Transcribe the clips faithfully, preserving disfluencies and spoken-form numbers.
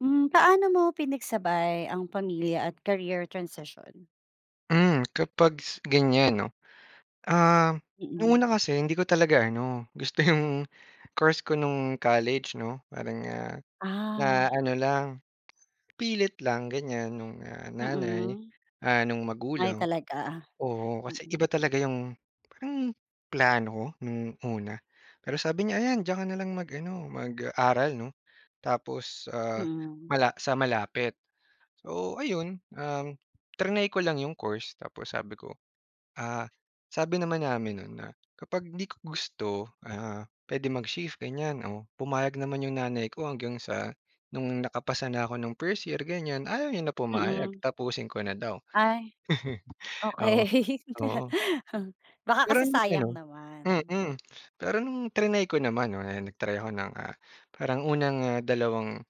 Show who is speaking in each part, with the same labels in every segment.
Speaker 1: Hmm, pa'no mo pinagsabay ang pamilya at career transition?
Speaker 2: Hmm, kapags ganyan, 'no? Um,
Speaker 1: Mm.
Speaker 2: una kasi hindi ko talaga ano, gusto 'yong course ko no'ng college, 'no? Parang, ah, na
Speaker 1: Ah.
Speaker 2: ano lang, pilit lang ganyan no'ng, ah, nanay,
Speaker 1: Mm.
Speaker 2: ah, no'ng
Speaker 1: Ay,
Speaker 2: magulang.
Speaker 1: talaga?
Speaker 2: Oo, kasi
Speaker 1: Mm.
Speaker 2: iba talaga 'yong, parang plano ko no'ng una. Pero sabi niya, "Ayan diyan ka na lang mag-ano mag-aral, 'no? Tapos, ah,
Speaker 1: Mm.
Speaker 2: mala sa malapit." So ayun, um, triny ko lang 'yong course. Tapos sabi ko, ah, sabi naman namin no'n na kapag hindi ko gusto, ah, puwede mag-shift ganyan. Oh, pumayag naman 'yong nanay ko hanggang sa no'ng nakapasa na ako no'ng first year, ganyan, ayaw niya na pumayag.
Speaker 1: Mm.
Speaker 2: Tapusin ko na daw.
Speaker 1: Ay,
Speaker 2: Oo
Speaker 1: okey
Speaker 2: oo.
Speaker 1: baka
Speaker 2: Pero
Speaker 1: kasi
Speaker 2: no'ng ano
Speaker 1: sayang naman.
Speaker 2: mm. Pero no'ng triny ko naman, 'no? 'Yan nag-try ako ng, ah, parang unang, ah, dalawang,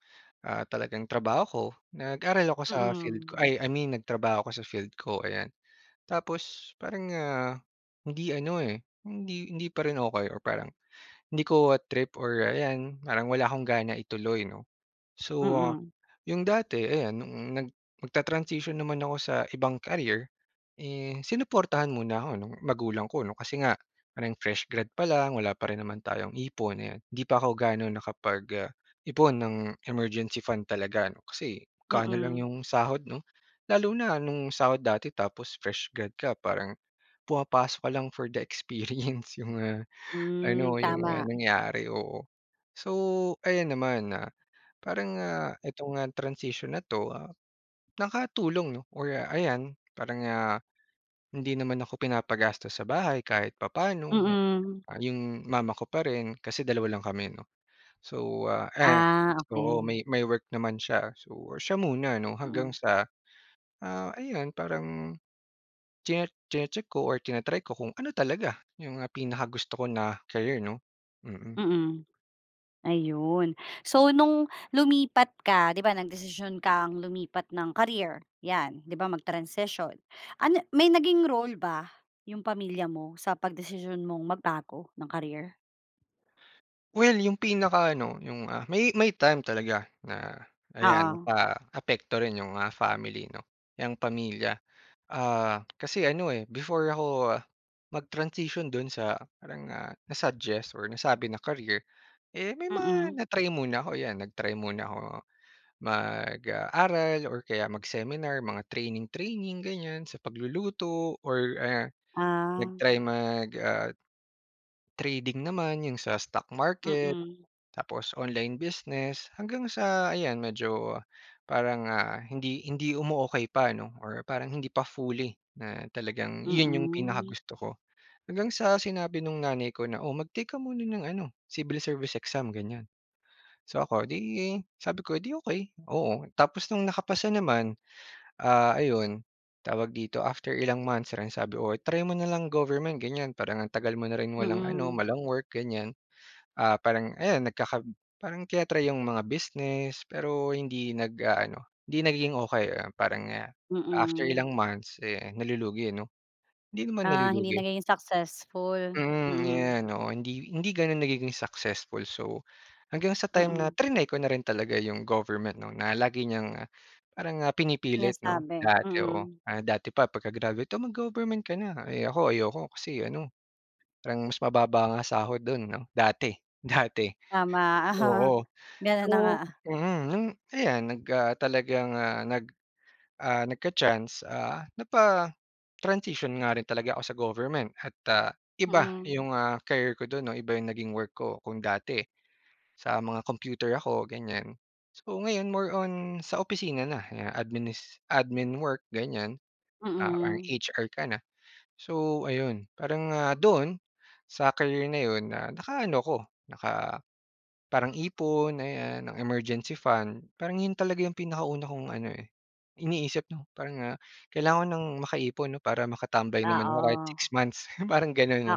Speaker 2: ah, talagang trabaho ko. Nag-aral ako sa field
Speaker 1: Mm.
Speaker 2: ko, ay, I mean, nagtrabaho ako sa field ko, ayan. Tapos parang, ah, hindi ano, eh, hindi hindi pa rin okey or parang, hindi ko trip or ayan parang wala akong gana ituloy, 'no? So, ah,
Speaker 1: Mm.
Speaker 2: 'yong dati ayan no'ng nag magta-transition naman ako sa ibang career, eh, sinuportahan muna ako no'ng magulang ko, 'no? Kasi nga parang fresh grad pa lang, wala pa rin naman tayong ipon, ayan. 'Di pa ako ga'no nakapag, ah, ipon ng emergency fund talaga, 'no? Kasi magkano lang
Speaker 1: Mm.
Speaker 2: 'yong sahod, 'no? Lalo na no'ng sahod dati tapos fresh grad ka parang pumapasok ka lang for the experience, 'yong, ah,
Speaker 1: Hmm,
Speaker 2: ano 'yong, ah,
Speaker 1: tama.
Speaker 2: nangyari, oo. So, ayan naman na parang, ah, ito nga transition na 'to, ah, nakatulong, 'no, or ayan parang, ah, hindi naman ako pinapagastos sa bahay kahit papaano, 'yong
Speaker 1: Mm.
Speaker 2: 'yong mama ko pa rin. Kasi dalawa lang kami 'no? So, ah, a
Speaker 1: Ah,
Speaker 2: oo
Speaker 1: okey.
Speaker 2: may may work naman siya. So, siya muna, 'no? Hanggang
Speaker 1: Mm.
Speaker 2: sa, ah, ayun parang chi chini-check ko or tina-try ko kung ano talaga 'yong, ah, pinaka gusto ko na career, 'no? Mm.
Speaker 1: Mm. Ayun. So no'ng lumipat ka, 'di ba, nagdesisyon kang lumipat ng career. 'Yan. 'Di ba mag-transition. Ano may naging role ba 'yong pamilya mo sa pagdesisyon mong magbago ng career?
Speaker 2: Well, yung pinaka ano, yung ah may may time talaga na ayan
Speaker 1: Oo.
Speaker 2: paapekto rin yung ah family 'no, yung pamilya. Ah, kasi ano eh, before ako mag-transition dun sa parang ah, na-suggest or nasabi na career, eh, may mga
Speaker 1: Mm.
Speaker 2: na-try muna ako, ayan nag-try muna ako mag ah, aral or kaya mag-seminar, mga training training ganyan sa pagluluto or ah,
Speaker 1: Ah.
Speaker 2: nag-try mag ah, trading naman yung sa stock market
Speaker 1: Mm.
Speaker 2: tapos online business, hanggang sa ayan medyo parang ah, hindi hindi umuokey pa, 'no, or parang hindi pa fully na talagang yun yung
Speaker 1: Mm.
Speaker 2: pinakagusto ko. Hanggang sa sinabi nung nanay ko na, "Oh, mag-take ka muna ng ano civil service exam," ganyan. So, ako 'di sabi ko eh, "'Di okey." Oo, tapos no'ng nakapasa naman ah, ayun tawag dito, after ilang months lang sabi, "Oh, try mo na lang government ganyan parang ang tagal mo na rin walang ano,
Speaker 1: Mm.
Speaker 2: walang work," ganyan. Ah, parang ayan nagkaka parang tina-try yung mga business pero hindi nag-aano, hindi nagiging okey, ayan parang after
Speaker 1: Mm.
Speaker 2: ilang months eh, nalulugi 'no, hindi naman
Speaker 1: Ah, hindi
Speaker 2: nalulugi.
Speaker 1: nagiging successful.
Speaker 2: Mm, ayan. Oo hindi hindi gano'n nagiging successful. So hanggang sa time na
Speaker 1: Mm.
Speaker 2: trinay ko na rin talaga yung government 'no na lagi niyang parang ah pinipilit 'no
Speaker 1: Sinasabi,
Speaker 2: dati, oo.
Speaker 1: mm.
Speaker 2: Dati pa pagka-graduate, "Oh, mag-government ka na", eh ako ayoko kasi ano parang mas mababa ang sahod do'n 'no dati, dati,
Speaker 1: Tama.
Speaker 2: oo.
Speaker 1: Gano'n
Speaker 2: So
Speaker 1: na nga.
Speaker 2: mm, nung ayan nag ah, talagang nag ah, nagka-chance ah, napa-transition nga rin talaga ako sa government at ah, iba
Speaker 1: Mm.
Speaker 2: yung ah, care ko do'n 'no iba yung naging work ko, kung dati sa mga computer ako, ganyan. So ngayon more on sa opisina na ya adminis admin work ganyan, ah, parang
Speaker 1: Mm.
Speaker 2: HR ka na. So, ayun parang, ah, doon sa career na 'yon nakaano ko naka parang ipon ayan ng emergency fund parang yun talaga yung pinakauna kong ano eh, iniisip 'no, parang ah kailangan ko nang makaipon 'no para makatambay naman ako kahit
Speaker 1: Oo.
Speaker 2: six months parang gano'n 'no,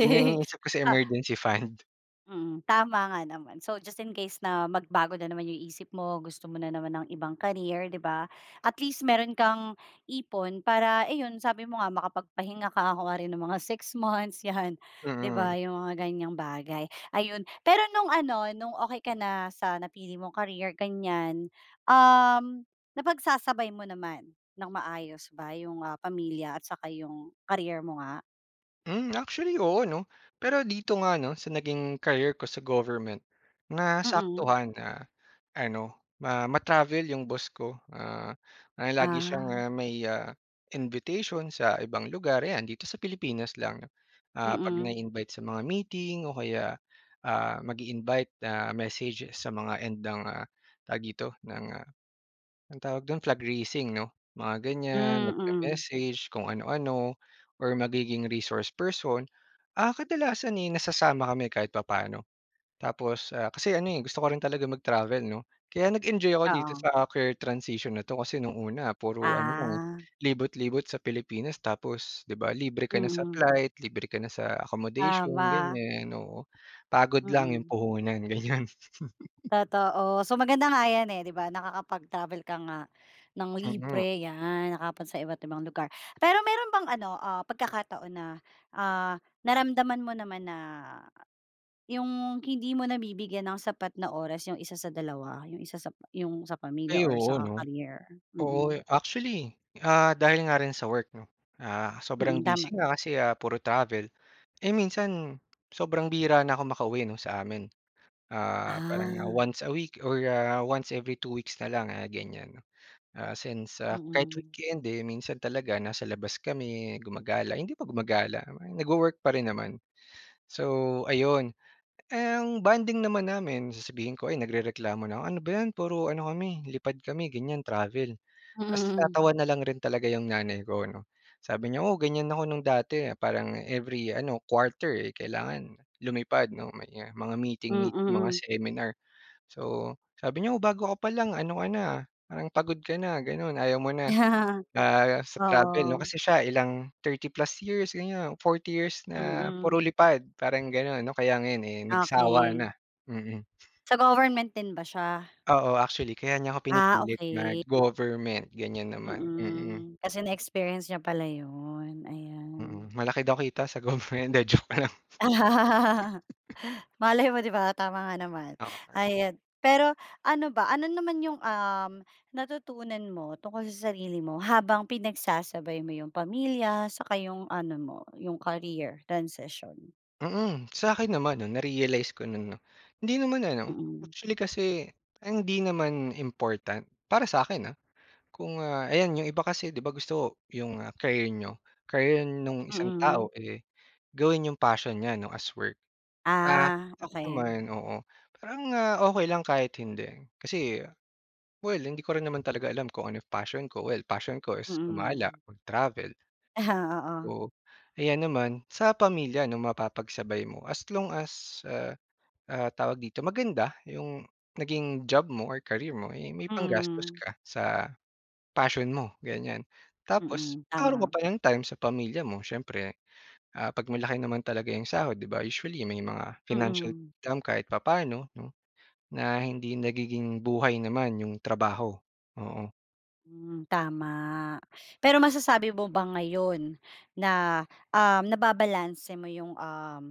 Speaker 2: yun yung iniisip ko sa
Speaker 1: Tsaka
Speaker 2: emergency fund.
Speaker 1: Mm. Tama nga naman. So, just in case na magbago na naman 'yong isip mo, gusto mo na naman ng ibang career, 'di ba. At least mayro'n kang ipon para iyon, sabi mo nga, makapagpahinga ka kunwari ng mga six months 'yan, 'di
Speaker 2: Mm.
Speaker 1: ba? 'Yong mga ganyang bagay, ayun. Pero no'ng ano, no'ng okey ka na sa napili mong career ganyan, um, napagsasabay mo naman ng maayos ba 'yong, ah, pamilya at saka 'yong career mo nga?
Speaker 2: Hmm, actually oo, 'no? Pero dito nga 'no, sa naging career ko sa government,
Speaker 1: Mm.
Speaker 2: nasaktuhan na ano, ma ma-travel yung boss ko. Ah, ah, lagi siyang,
Speaker 1: Ah.
Speaker 2: ah, may, ah, invitation sa ibang lugar, ayan, dito sa Pilipinas lang. Ah, 'pag
Speaker 1: Mm.
Speaker 2: na-i-invite sa mga meeting o kaya, ah, mag-i-invite na message sa mga end ng, ah tawag dito, ng, ah, anong tawag do'n? Flag raising 'no, mga
Speaker 1: Hmm,
Speaker 2: ganyan,
Speaker 1: mm.
Speaker 2: mag-me-message kung ano-ano or magiging resource person. Ah, kadalasan eh nasasama kami kahit papaano. Tapos, ah kasi ano eh, gusto ko rin talaga mag-travel 'no? Kaya nag-enjoy ako dito
Speaker 1: Oo.
Speaker 2: sa career transition na 'to kasi no'ng una, puro ano lang eh,
Speaker 1: Ah.
Speaker 2: libot-libot sa Pilipinas tapos 'di ba, libre ka na sa
Speaker 1: Mm.
Speaker 2: flight, libre ka na sa accommodation,
Speaker 1: Tama.
Speaker 2: ganyan. Oo, pagod lang 'yong
Speaker 1: Mm.
Speaker 2: puhunan, ganyan.
Speaker 1: Totoo. So, maganda nga yan eh, 'di ba, nakakapag-travel ka nga ng
Speaker 2: Hmm [unintelligible]
Speaker 1: libre, yan. Nakakapunta sa iba't ibang lugar. Pero mayro'n bang ano, ah, pagkakataon na, ah, naramdaman mo naman na, yung hindi mo nabibigyan ng sapat na oras yung isa sa dalawa, yung isa sa pa yung sa pamilya
Speaker 2: Ay,
Speaker 1: or
Speaker 2: oo
Speaker 1: sa
Speaker 2: 'no?
Speaker 1: career?
Speaker 2: Oo,
Speaker 1: Mm.
Speaker 2: eh, actually, ah, dahil nga rin sa work, 'no? Ah, sobrang
Speaker 1: Mm, tama.
Speaker 2: busy nga kasi, ah, puro travel. Eh minsan sobrang bihira na ako makauwi 'no, sa amin. Ah, parang, ah,
Speaker 1: Ah.
Speaker 2: once a week or, ah, once every two weeks na lang, ah, ganyan. Ah, since, ah kahit
Speaker 1: Mm.
Speaker 2: weekend, eh, minsan talaga nasa labas kami, gumagala hindi pa gumagala, parang nag-wo-work pa rin naman. So, ayun. Ang bonding naman namin, sasabihin ko, ayan nagrereklamo na 'ko, ano ba 'yan puro ano kami, lipad kami ganyan, travel. Tapos
Speaker 1: Hmm.
Speaker 2: natatawa na lang rin talaga 'yong nanay ko, 'no, sabi niya, "Oo ganyan ako no'ng dati parang every ano, quarter eh kailangan lumipad, 'no, may, ah, mga meeting meet, mga
Speaker 1: Mm.
Speaker 2: seminar." So, sabi niya, "Oh bago ka pa lang ano ka na, ah, parang pagod ka na, gano'n, ayaw mo na." Ah, sa travel 'no
Speaker 1: Oo.
Speaker 2: kasi siya ilang thirty plus years ganyan, forty years na puro
Speaker 1: Mm.
Speaker 2: lipad parang ganun. O kaya nga ngayon eh nagsawa na,
Speaker 1: Okey.
Speaker 2: mm.
Speaker 1: Sa government din ba siya?
Speaker 2: Oo. Actually, kaya niya ako
Speaker 1: Ah,
Speaker 2: pinipilit
Speaker 1: okey.
Speaker 2: mag-government, ganyan naman. Mm.
Speaker 1: Mm. Kasi na experience niya pala yun, ayan.
Speaker 2: Mm, malaki daw kita sa government. 'di joke lang.
Speaker 1: Malay mo di ba, tama nga naman.
Speaker 2: Oo nga.
Speaker 1: Ayan, pero ano ba? Ano naman yung, um, natutunan mo tungkol sa sarili mo habang pinagsasabay mo yung pamilya saka yung ano mo, yung career transition?
Speaker 2: Mm. Sa akin naman, 'no, narealize ko no'n 'no? Hindi naman ano
Speaker 1: Mm.
Speaker 2: actually kasi, parang 'di naman important, para sa 'kin ah. Kung, ah ayan, 'yong iba kasi 'di ba gusto 'yung, ah, career niyo, career nung isang
Speaker 1: Mm.
Speaker 2: tao eh, gawin niyong passion niya, 'no, as work. Ah,
Speaker 1: Ah,
Speaker 2: oo
Speaker 1: okey.
Speaker 2: naman, oo, parang, ah, okey lang kahit hindi. Kasi well, hindi ko rin naman talaga alam kung anong passion ko. Well, passion ko is gumala,
Speaker 1: Mm.
Speaker 2: mag-travel.
Speaker 1: Oo.
Speaker 2: Oo. Ayan naman, sa pamilya 'no mapapagsabay mo, as long as, ah ah, tawag dito, maganda 'yong naging job mo or career mo eh may panggastos
Speaker 1: Mhm.
Speaker 2: ka sa passion mo, ganyan. Tapos
Speaker 1: Mm,
Speaker 2: kakaron ka
Speaker 1: tama.
Speaker 2: pa ng time sa pamilya mo, siyempre. Ah, 'pag malaki naman talaga 'yong sahod 'di ba. Usually, may mga financial
Speaker 1: Mm.
Speaker 2: [unintelligible] kahit papaano, 'no, na hindi nagiging buhay naman 'yong trabaho, oo.
Speaker 1: Hmm, tama. Pero masasabi mo ba ngayon na, um, nababalanse mo yung, um,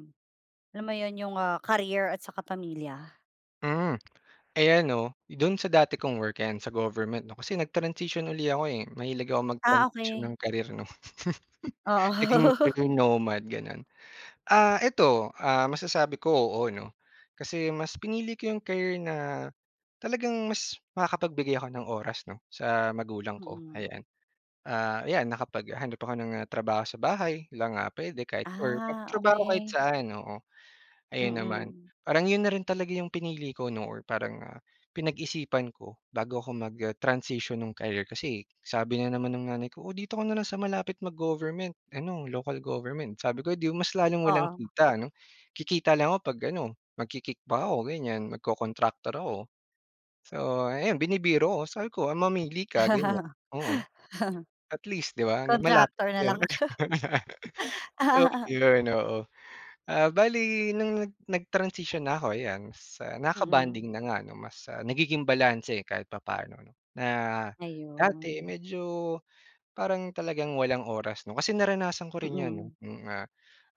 Speaker 1: alam mo 'yon yung, ah, career at saka pamilya?
Speaker 2: Hmm. Ayan no, do'n sa dati kong work 'yan sa government 'no kasi nag-transition uli ako, eh, mahilig ako
Speaker 1: Ah,
Speaker 2: mag-transition
Speaker 1: okey.
Speaker 2: ng career 'no.
Speaker 1: Oo.
Speaker 2: Naging [unintelligible] gano'n. Ah, eto, ah, masasabi ko, oo 'no. Kasi mas pinili ko 'yong career na, talagang mas makakapagbigay ako ng oras 'no sa magulang ko
Speaker 1: Mm.
Speaker 2: ayan. Ah, ayan nakapaghanap ako ng, ah, trabaho sa bahay lang, ah, pwede kahit or
Speaker 1: Ah,
Speaker 2: magtrabaho kahit
Speaker 1: okey.
Speaker 2: saan, oo. Ayan naman.
Speaker 1: Mm.
Speaker 2: Parang 'yon na rin talaga 'yong pinili ko 'no or parang, ah, pinag-isipan ko bago ako mag, ah, transition nung career. Kasi sabi na naman ng nanay ko "O dito ka na lang sa malapit mag-government ano, local government." sabi ko, "Edi mas lalong walang
Speaker 1: Oo.
Speaker 2: kita." 'no. Kikita lang ako 'pag ano magki-kick back ako ganiyan, magko-kontraktor ako. So ayan binibiro ko sabi ko, "Ah mamili ka." ganiyan, oo. At least 'di ba malapit
Speaker 1: Kontraktor na
Speaker 2: 'yon,
Speaker 1: lang.
Speaker 2: tapos yun, oo. Ah, bale nung nag nag-transition na ako ayan, sa
Speaker 1: Mm.
Speaker 2: nakakabonding na nga 'no. Mas, ah, nagiging balanse kahit papano 'no, na dati
Speaker 1: Ayun.
Speaker 2: medyo parang talagang walang oras 'no. Kasi naranasan ko rin 'yan 'no,
Speaker 1: Mm.
Speaker 2: noong, ah,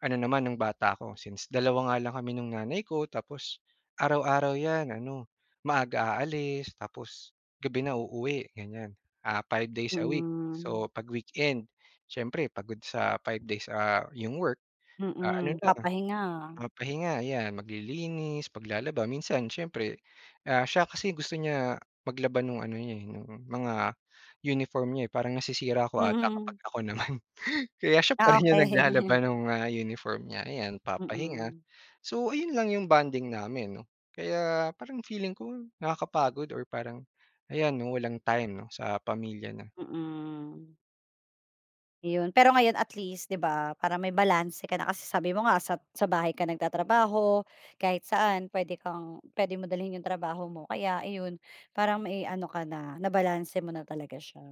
Speaker 2: ano naman nung bata ako since dalawa nga lang kami nung nanay ko. Tapos, araw-araw 'yan ano, maaga aalis tapos gabi na uuwi ganiyan. Ah, five days a week
Speaker 1: Mm.
Speaker 2: so 'pag weekend siyempre pagod sa five days, ah, 'yong work. Ah, ano
Speaker 1: Mm,
Speaker 2: na,
Speaker 1: papahinga.
Speaker 2: papahinga 'yan, maglilinis, maglalaba. Minsan siyempre, ah, siya kasi gusto niya maglaba no'ng ano niya eh, no'ng mga uniform niya eh. Parang nasisira ko ata
Speaker 1: Mm.
Speaker 2: kapag ako naman. Kaya siya pa
Speaker 1: Ah,
Speaker 2: rin
Speaker 1: okey.
Speaker 2: yung naglalaba ng mga uniform niya, ayan papahinga.
Speaker 1: Mm.
Speaker 2: So, ayun lang yung bonding namin 'no, kaya parang feeling ko nakakapagod or parang ayan 'no walang time 'no sa pamilya na.
Speaker 1: Mm. Yun pero ngayon at least di ba para may balanse ka na, kasi sabi mo nga sa sa bahay ka nagtatrabaho, kahit saan pwede kang puwede mo dalhin yung trabaho mo. Kaya iyon para may iano ka na nabalanse mo na talaga siya,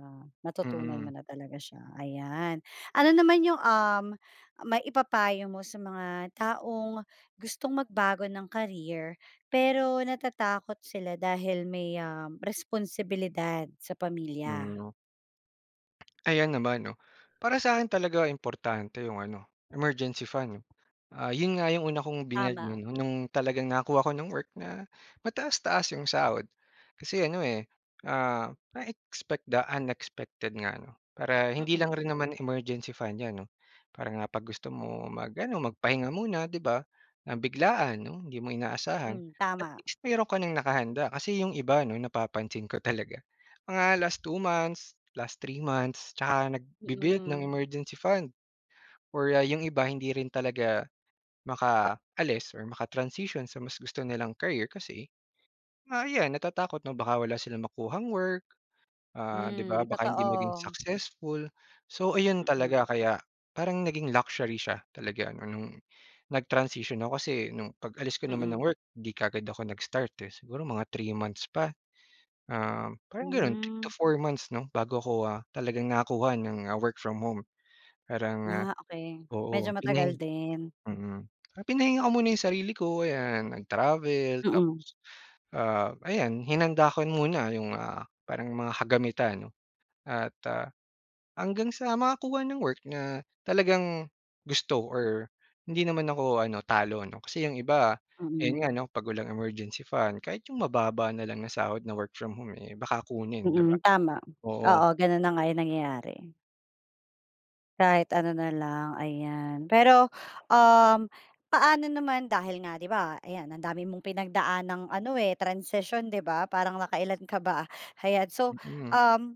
Speaker 1: natutunan
Speaker 2: Mm.
Speaker 1: mo na talaga siya ayan. Ano naman yung, um, maipapayo mo sa mga taong gustong magbago ng career, pero natatakot sila dahil may, um, responsibilidad sa pamilya?
Speaker 2: Mm. Ayan naman 'no, para sa akin talaga importante yung ano emergency fund 'no. Ah, yun nga yung una kong binuild
Speaker 1: Tama.
Speaker 2: 'no, nung talagang nakakuha ko ng work na mataas-taas yung sahod, kasi ano, eh, ah, na-expect the unexpected nga 'no. Para hindi lang
Speaker 1: Mm.
Speaker 2: rin naman emergency fund 'yan 'no, parang ah, pag gusto mo mag-ano magpahinga muna di ba, ng biglaan 'no hindi mo inaasahan
Speaker 1: Mm,
Speaker 2: at
Speaker 1: tama.
Speaker 2: least meron ka nang nakahanda. Kasi yung iba 'no napapansin ko talaga, mga last two months, last three months 'tsaka nagbi-build ng
Speaker 1: Mm.
Speaker 2: emergency fund or ah, yung iba hindi rin talaga makaalis or maka-transition sa mas gusto nilang career, kasi, ah, ayan natatakot na baka wala silang makuhang work, ah, di ba,
Speaker 1: Mm
Speaker 2: baka hindi maging
Speaker 1: totoo.
Speaker 2: successful. So, ayun
Speaker 1: Mm.
Speaker 2: talaga kaya parang naging luxury siya talaga ano nung nag-transition ako, kasi nung pag-alis ko naman ng
Speaker 1: Mm.
Speaker 2: work di kaagad ako nag-start eh, siguro mga three months pa, um, parang ganun. Three to
Speaker 1: Mm.
Speaker 2: four months 'no bago ako, ah, talagang nakakuha ng work from home. Parang, ah,
Speaker 1: Ah, okey, medyo
Speaker 2: oo pinahi
Speaker 1: matagal din.
Speaker 2: mm, ah, pinahinga ko muna yung sarili ko. Ayan, nag-travel tapos
Speaker 1: Mm.
Speaker 2: ah, ayan hinanda ko muna yung, ah, parang mga kagamitan 'no at ah, hanggang sa makakuha ng work, na talagang gusto or hindi naman ako ano talo ano, kasi yung iba ayun nga
Speaker 1: Mm.
Speaker 2: 'no pag walang emergency fund, kahit yung mababa na lang na sahod na work from home, eh, baka kunin di ba?
Speaker 1: Mm, tama.
Speaker 2: Oo.
Speaker 1: Oo ganun na nga yung nangyayari. Kahit ano na lang, ayan. Pero, um, paano naman dahil nga di ba, ayan ang dami mong pinagdaang ano eh, transition transition di ba, parang nakailan ka ba? Ayan, so
Speaker 2: Mm.
Speaker 1: um,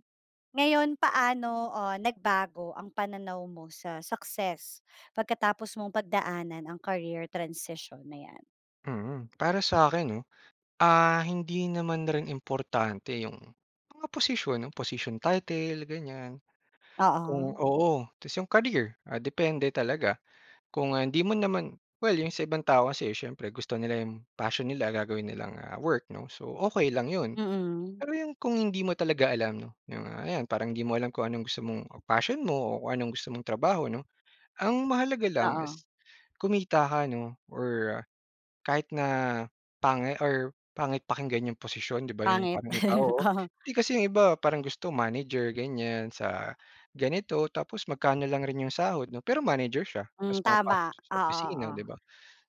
Speaker 1: ngayon paano ah, nagbago ang pananaw mo sa success pagkatapos mong pagdaanan ang career transition na 'yan?
Speaker 2: Mm, para sa akin 'no, ah, hindi naman rin importante yung mga posisyon, yung posisyon title, ganyan.
Speaker 1: Oo.
Speaker 2: Kung oo ta's yung career ah, depende talaga kung, ah, hindi mo naman well yung sa ibang tao kasi siyempre gusto nila yung passion nila gagawin nilang ah, work 'no, so okey lang 'yon.
Speaker 1: Mm.
Speaker 2: Pero yung kung hindi mo talaga alam no, yung, ah, ayan parang hindi mo alam kung anong gusto mong passion mo o kung anong gusto mong trabaho, 'no. Ang mahalaga lang
Speaker 1: Oo.
Speaker 2: is kumita ka 'no or kahit na pangit or pangit pakinggan yung posisyon ,'di ba, yung
Speaker 1: Pangit
Speaker 2: parang iba, oo,
Speaker 1: oh.
Speaker 2: 'di kasi yung iba parang gusto manager ganyan sa ganito tapos magkano lang rin yung sahod 'no pero manager siya, ta's
Speaker 1: Mm,
Speaker 2: pumapasok
Speaker 1: tama
Speaker 2: siya sa
Speaker 1: oo
Speaker 2: opisina
Speaker 1: oo.
Speaker 2: 'di ba.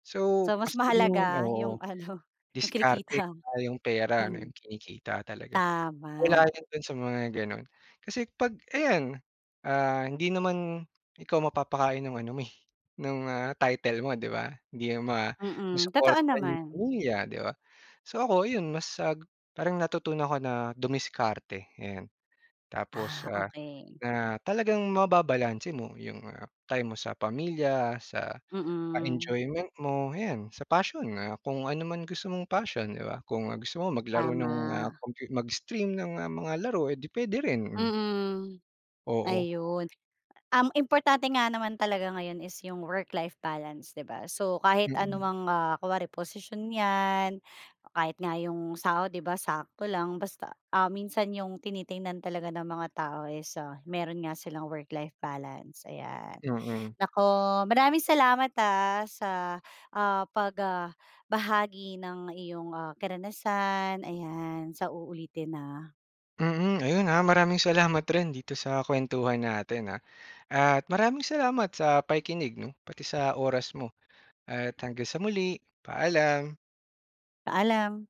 Speaker 2: So
Speaker 1: So,
Speaker 2: mas
Speaker 1: mas
Speaker 2: naging
Speaker 1: mahalaga
Speaker 2: oo,
Speaker 1: yung ano yung
Speaker 2: diskarte
Speaker 1: kinikita,
Speaker 2: yung pera ano
Speaker 1: mm.
Speaker 2: yung kinikita talaga. Wala
Speaker 1: Tama.
Speaker 2: yun do'n sa mga gano'n. Kasi 'pag ayan ah, hindi naman ikaw mapapakain ng ano mo eh, nung ah, title mo di ba? Hindi 'yan
Speaker 1: Mm, totoo
Speaker 2: masuportahan yung
Speaker 1: naman.
Speaker 2: pamilya 'di ba? So ako yun, mas, ah, parang natutunan ko na dumiskarte ayan tapos
Speaker 1: Ah,
Speaker 2: ah,
Speaker 1: okey.
Speaker 2: na talagang mababalanse mo yung ah, time mo sa pamilya, sa ah,
Speaker 1: Mm.
Speaker 2: enjoyment mo 'yan, sa passion, ah, kung ano man gusto mong passion, 'di ba, kung gusto mo maglaro ng ah,
Speaker 1: Tama.
Speaker 2: com mag-stream ng, ah, mga laro eh, di puwede rin, mm.
Speaker 1: Mm.
Speaker 2: Oo.
Speaker 1: Ayun, um, importante nga naman talaga ngayon is yung work-life balance, 'di ba? So kahit
Speaker 2: Mm.
Speaker 1: anumang ah, kunwari posisyon 'yan o kahit nga yung sahod di ba sakto lang basta ah, minsan yung tinitingnan talaga ng mga tao is ah, meron nga silang work-life balance, ayan.
Speaker 2: Mm.
Speaker 1: Naku maraming salamat, ah, sa, ah, pag ah, bahagi ng iyong, ah, karanasan, ayan sa uulitin ha.
Speaker 2: Mm, ayun ha maraming salamat rin dito sa kuwentuhan natin ha, at maraming salamat sa pakikinig 'no pati sa oras mo. At hanggang sa muli, paalam.
Speaker 1: Paalam.